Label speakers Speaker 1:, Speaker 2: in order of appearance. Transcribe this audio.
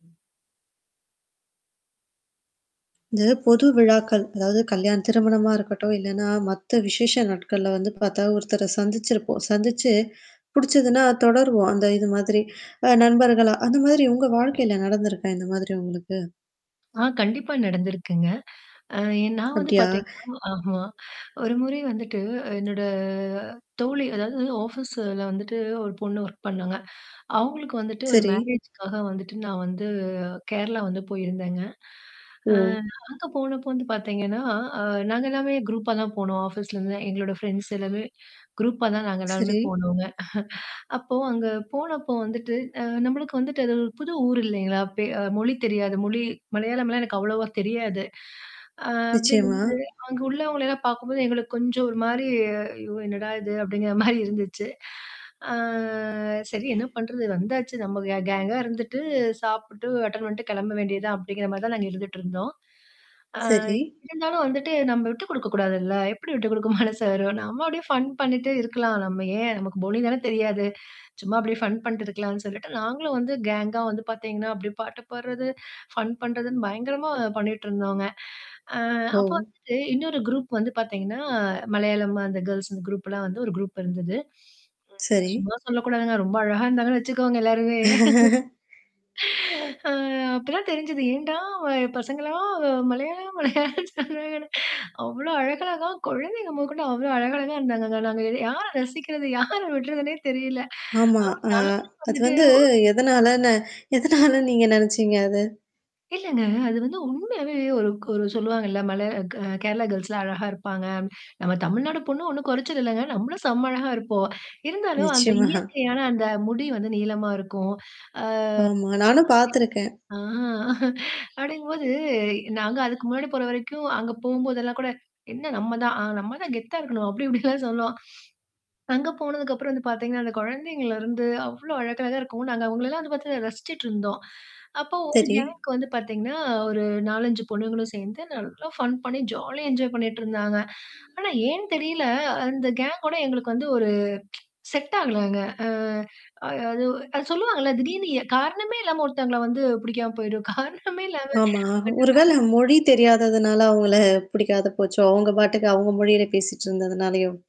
Speaker 1: ம்.
Speaker 2: இந்த பொது விழாக்கள். அதாவது கல்யாணம் திருமணமா இருக்கட்டும், இல்லைனா மத்த விசேஷ நாட்கள்ல வந்து பாத்தா ஒருத்தர சந்திச்சிருப்போம். சந்திச்சு புடிச்சதுனா தொடருவோம், அந்த இது மாதிரி. நண்பர்களா பின்னணி-அந்த மாதிரி உங்க வாழ்க்கைல நடந்துருக்கா இந்த மாதிரி உங்களுக்கு?
Speaker 1: ஆ, கண்டிப்பா நடந்திருக்குங்க. அ நான் வந்து
Speaker 2: அப்டியா?
Speaker 1: பார்த்திங்கன்னா, ஆமா ஒரு முறை வந்துட்டு என்னோட தோழி அதாவது ஆஃபீஸ்ல வந்துட்டு ஒரு பொண்ணு வொர்க் பண்ணாங்க. அவங்களுக்கு வந்துட்டு ஒரு
Speaker 2: சரி.
Speaker 1: மேரேஜ்க்காக வந்துட்டு நான் வந்து கேரளா வந்து போயிருந்தேங்க. ஆ
Speaker 2: ஓ!
Speaker 1: அங்க போனப்போ வந்து பார்த்தீங்கன்னா அ நாங்க எல்லாமே குரூப்பா தான் போனோம். ஆஃபீஸ்ல இருந்து, நான் எங்களோட ஃபிரெண்ட்ஸ் எல்லாமே குரூப்பா தான் நாங்க எல்லோருமே
Speaker 2: சரி.
Speaker 1: போனோங்க. அப்போது அங்கே போனப்போ வந்துட்டு, அ நம்மளுக்கு வந்துட்டு அது ஒரு புது ஊர் இல்லேங்களா? பே அ மொழி தெரியாது. மொழி மலையாளம்லாம் எனக்கு அவ்வளவா தெரியாது. ஆ, அப்படிங்கும்
Speaker 2: நிச்சயமா.
Speaker 1: போது, அங்க உள்ளவங்கள எல்லாம் பாக்கும்போது எங்களுக்கு கொஞ்சம் ஒரு மாரி, "ஐயோ என்னடா இது!" அப்படிங்கிற மாரி இருந்துச்சு. "ஆ சரி என்ன பண்ணுறது! வந்தாச்சு. நம்ம கேங் கேங்கா இருந்துட்டு, சாப்பிட்டு அட்டெண்ட் பண்ணிட்டு கெளம்ப வேண்டிய தான்" அப்படிங்கிற மாரி தான் நாங்க இருந்துட்ருந்தோம். ஆ
Speaker 2: சரி.
Speaker 1: இருந்தாலும் வந்துட்டு, நம்ம விட்டு கொடுக்க கூடாதுல்ல? எப்படி விட்டு கொடுக்க மனசு வரும்? நம்ம அப்படியே ஃபன் பண்ணிட்டு இருக்கலாம். நம்ம ஏன்? நமக்கு மொழி தான தெரியாது. சும்மா அப்படியே ஃபன் பண்ணிட்டு இருக்கலாம்ன்னு சொல்லிட்டு நாங்களும் வந்து கேங்கா வந்து பார்த்திங்கன்னா, அப்படியே பாட்டு பாட்றது, ஃபன் பண்ணுறதுன்னு பயங்கரமா பண்ணிட்டிருந்தோங்க. ஆ, அப்போ
Speaker 2: ஓ!
Speaker 1: வந்துட்டு இன்னொரு குரூப் வந்து பார்த்திங்கன்னா மலையாளம். அந்த கேர்ல்ஸ். அந்த குரூப்லாம் வந்து ஒரு குரூப் இருந்தது. ஐயோ!
Speaker 2: சரி.
Speaker 1: சும்மா சொல்லக்கூடாதுங்க. ரொம்ப அழகாக இருந்தாங்கன்னு வச்சுக்கோங்களேன் எல்லாருமே. ஆ, அப்ப தான் தெரிஞ்சது. ஏன்டா பசங்கள்லாம் மலையாளம், மலையாளம் என்று சொன்னாங்கன்னு. அவ்வளோ அழகழகா கொழந்தைங்க மொதற்கொண்டு அவ்வளோ அழகழகா இருந்தாங்க. நாங்க, யார ரசிக்கிறது, யார விட்றதுன்னே தெரியலை.
Speaker 2: ஆமா. அ,
Speaker 1: ஆனா நாங்களும்
Speaker 2: அது
Speaker 1: வந்துட்டு
Speaker 2: வந்து
Speaker 1: ஒரு
Speaker 2: எதனாலன்ன எதனால நீங்க நெனச்சீங்க அத?
Speaker 1: இல்லங்க. அது வந்து உண்மையாவே ஒரு ஒரு கு சொல்வாங்கல்ல, மலையாளம் கேரளா கேர்ல்ஸ்லாம் அழகா இருப்பாங்க. நம்ம தமிழ்நாடு பொண்ணு ஒண்ணும் கொறச்சல் இல்லங்க. நம்மளும் செம்ம அழகா இருப்போம். இருந்தாலும் அந்த
Speaker 2: நிச்சயமா.
Speaker 1: இயற்கையான அந்த முடி வந்து நீளமா இருக்கும். ஆ.
Speaker 2: ஆமா. நானும் பாத்திருக்கேன்.
Speaker 1: [unintelligible] ஆ. அப்படிங்கும்போது, நாங்க அதுக்கு முன்னாடி போற வரைக்கும், அங்க போம்போதெல்லாம் கூட, "என்ன நம்ம தான் நம்ம தான் கெத்தா இருக்கணும்" அப்படி இப்படிலாம் சொல்லுவோம். அங்கே போனதுக்கப்பறம் வந்து பார்த்திங்கன்னா, அந்த கொழந்தைங்கள்லருந்து அவ்வளோ அழகழகா இருக்கும். நாங்க அவங்களலாம் வந்து பார்த்து ரசிச்சிட்டு இருந்தோம். அப்போ ஒரு
Speaker 2: சரி.
Speaker 1: கேங்குக்கு வந்து பார்த்திங்கன்னா, ஒரு 4,5 பொண்ணுங்களும் சேர்ந்து நல்லா ஃபன் பண்ணி ஜாலியா என்ஜாய் பண்ணிட்டு இருந்தாங்க. ஆனா ஏன் தெரியல, அந்த கேங்கோட எங்களுக்கு வந்து ஒரு செட் ஆகலங்க. ஆ, அது, அது சொல்லுவாங்கல்ல, திடீர்ன்னு காரணமே இல்லாம ஒருத்தவங்கள வந்து பிடிக்காம போய்டும். காரணமே இல்லாம
Speaker 2: ஆமா. ஒரு
Speaker 1: [unintelligible]
Speaker 2: வேளை மொழி தெரியாததுனால அவுங்கள புடிக்காத போச்சோ? அவங்க பாட்டுக்கு அவங்க மொழியில பேசிட்டு இருந்ததுனாலயோ?